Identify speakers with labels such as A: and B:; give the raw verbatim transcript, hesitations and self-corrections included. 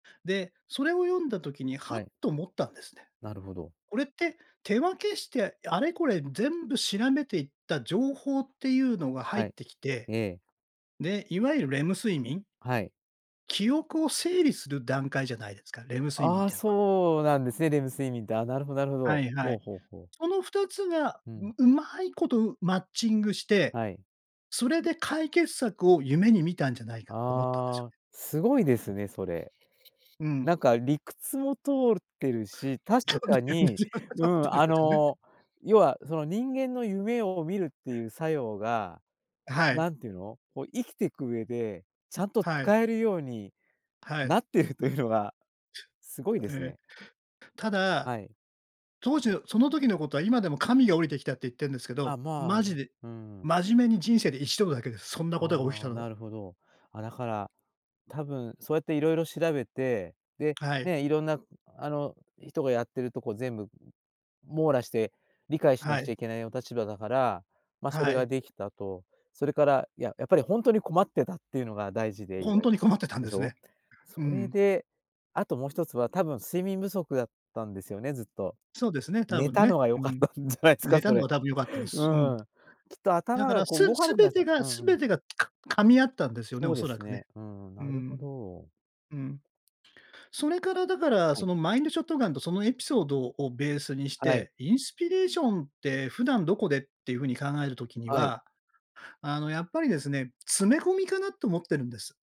A: で、それを読んだ時に、はっ
B: はい。
A: と思ったんですね。
B: なるほど。
A: これって、手分けして、あれこれ全部調べていった情報っていうのが入っ
B: はい。
A: てきて、
B: ええ。
A: で、いわゆるレム睡眠？
B: はい。
A: 記憶を整理する段階じゃないですか、レム睡眠っ
B: ああ
A: てのは。
B: そうなんですね、レム睡眠って。ああ、なるほどなるほ
A: は
B: ど。
A: いは
B: ほ
A: い。
B: うほうほう。
A: そのふたつが
B: うん。
A: ん、うまいことマッチングして、
B: はい。
A: それで解決策を夢に見たんじゃないかと思ったんですよ
B: あ
A: ね。
B: あ、すごいですね、それ。
A: うん。
B: なんか理屈も通ってるし、確かに、うん、あ
A: [unintelligible] ね。
B: の要はその人間の夢を見るっていう作用が、
A: あ、はい。
B: なんていうの、こう生きてく上で、ちゃんと
A: はい。
B: 使えるように
A: はい。
B: なってるというのがすごいです
A: ええ。
B: ね。
A: た
B: は
A: だ、
B: い。
A: 当時のその時のことは今でも神が降りてきたって言ってんですけ
B: ああ、
A: ど、
B: まあ、
A: マジ
B: う
A: で、
B: ーん。
A: 真面目に人生でいちどだけです。そんなことが起き
B: あ
A: た
B: あ
A: の
B: な
A: は。
B: るほど。あ、だから多分そうやって、いろいろ調べて、で、
A: はい。
B: ね、いろんなあの人がやってるとこ全部網羅して理解しな
A: は
B: くち
A: い。
B: ゃいけないお立場だから、ま、そ
A: は
B: れが
A: い。
B: できたと。それから、ややっぱりほんとに困ってたっていうのが大事で意
A: ほん
B: 外
A: とに
B: と
A: 困ってたん
B: で
A: で
B: し
A: す
B: ょ？
A: ね。
B: そ
A: う
B: れ
A: ん。
B: で、あともうひとつは多分睡眠不足だったんですよね、ずっと。
A: そうですね、多
B: 寝
A: 分
B: たの
A: ね。
B: が良
A: う
B: かっ
A: ん。
B: たんじゃないす
A: 寝
B: か、
A: た
B: そ
A: の
B: れ。
A: が多分良かったで
B: う
A: す。うん。
B: ん。きっと
A: だ
B: 頭
A: か
B: が
A: ら、す
B: こう動かな
A: す
B: くな
A: べ
B: った
A: てが、
B: うん
A: す
B: うん。
A: べてが、か噛み合ったんですよね、
B: そ
A: お
B: うで
A: そら
B: す
A: くね。
B: ね。うんうん、
A: う
B: なるほ
A: ん。
B: ど。
A: うん。それからだから、
B: は
A: そ
B: い。
A: のマインドショットガンとそのエピソードをベースにし
B: はい。
A: て、インスピレーションって普段どこでっていうふうに考える時に
B: はい。
A: は、あのやっぱりですね、詰め込みかなと思ってるんです。